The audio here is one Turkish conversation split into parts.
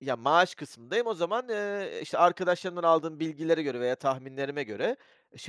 Ya, maaş kısmındayım, o zaman, eee, işte arkadaşlarımdan aldığım bilgilere göre veya tahminlerime göre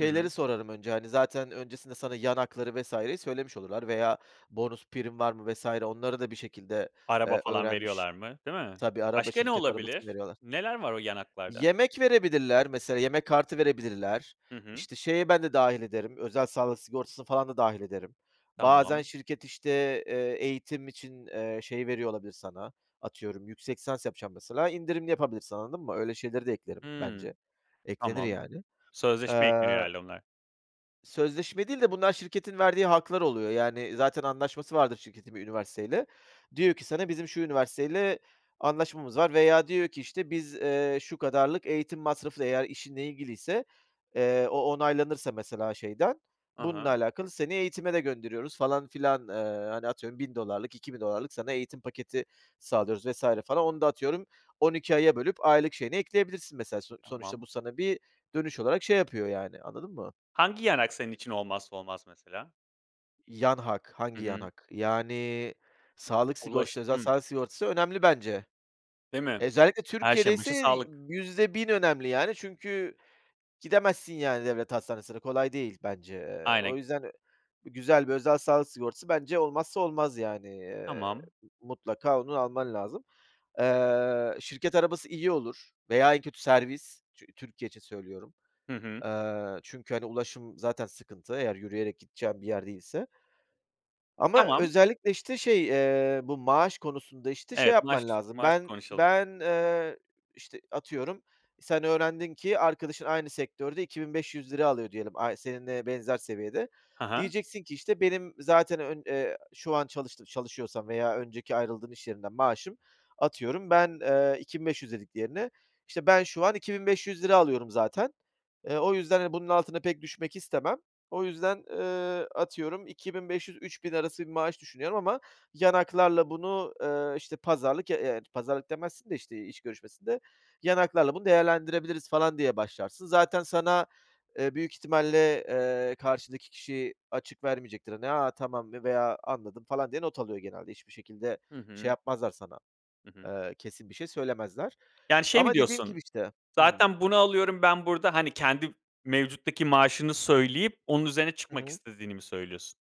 Hı hı. sorarım önce, hani, zaten öncesinde sana yan hakları vs.yi söylemiş olurlar veya bonus prim var mı vs. onları da bir şekilde, Araba eee, falan öğrenmiş veriyorlar mı? Değil mi? Tabii, araba Başka ne şirket arabası mı olabilir? veriyorlar. Neler var o yan haklarda? Yemek verebilirler. Mesela yemek kartı verebilirler. Hı hı. İşte şeye, ben de dâhil ederim. Özel sağlık sigortası falan da dâhil ederim. Bazen Tamam. şirket, işte, eee, eğitim için, eee, şey veriyor olabilir sana atıyorum yüksek lisans yapacağım mesela. İndirimli yapabilirsin, anladın mı? Öyle şeyleri de eklerim bence. Hımm. Eklenir Tamam. yani. Sözleşme ekleniyor Eee herhâlde onlara. Sözleşme değil de bunlar şirketin verdiği haklar oluyor. Yani zaten anlaşması vardır şirketin bir üniversiteyle. Diyor ki sana, "Bizim şu üniversiteyle anlaşmamız var," veya diyor ki, işte, "Biz, eee, şu kadarlık eğitim masrafı eğer işinle ilgiliyse, eee, o onaylanırsa mesela şeyden Hı bununla hı. alakalı seni eğitime de gönderiyoruz falan filan, eee, hani atıyorum $1.000'lık $2.000'lık sana eğitim paketi sağlıyoruz vs. falan." Onu da atıyorum 12 aya bölüp aylık şeyini ekleyebilirsin mesela, so sonuçta Tamam. bu sana bir dönüş olarak şey yapıyor yani, anladın mı? Hangi yan hak senin için olmazsa olmaz mesela? Yan hak, Hı hangi yan hı. hak yani sağlık Ulaş sigortası, özel Hımm. sağlık sigortası önemli bence. Değil mi? Özellikle Her Türkiye'de şeyin başı ise sağlık. %1.000 önemli yani çünkü gidemezsin yani devlet hastanesine, kolay değil bence, eee, o Aynen. yüzden ö güzel bir özel sağlık sigortası bence olmazsa olmaz yani, eee, Tamam. mutlaka onu alman lazım. Eee, şirket arabası iyi olur veya en kötü servis Tü Türkiye için söylüyorum. Hı hı. Eee, çünkü, hani, ulaşım zaten sıkıntı. Eğer yürüyerek gideceğim bir yer değilse. Ama Tamam. özellikle işte şey, eee, bu maaş konusunda işte şey Evet, yapman maaş lazım. maaş Ben konuşalım. ben, eee, işte atıyorum sen öğrendin ki arkadaşın aynı sektörde 2.500 ₺ alıyor diyelim. Ay seninle benzer seviyede, Hı hı. diyeceksin ki, işte, "Benim zaten ön eee, şu an çalıştı çalışıyorsam veya önceki ayrıldığım iş yerinden maaşım atıyorum ben, eee, 2.500 dediklerinde işte ben şu an 2.500 ₺ alıyorum zaten, eee, o yüzden hani bunun altına pek düşmek istemem. O yüzden, eee, atıyorum 2.500-3.000 arası bir maaş düşünüyorum ama yan haklarla bunu, eee, işte pazarlık, evet pazarlık demezsin de işte iş görüşmesinde yan haklarla bunu değerlendirebiliriz falan," diye başlarsın. Zaten sana, eee, büyük ihtimalle, eee, karşıdaki kişi açık vermeyecektir. "A, tamam," mı veya, "Anladım," falan diye not alıyor genelde. Hiçbir şekilde Hı şey hı. yapmazlar sana. Hı hı. Eee, kesin bir şey söylemezler. Yani, şey mi Ama dediğim gibi diyorsun? işte Hımm. Zaten bunu alıyorum ben burada hani kendi f mevcuttaki maaşını söyleyip onun üzerine Hı çıkmak hı. istediğini mi söylüyorsun?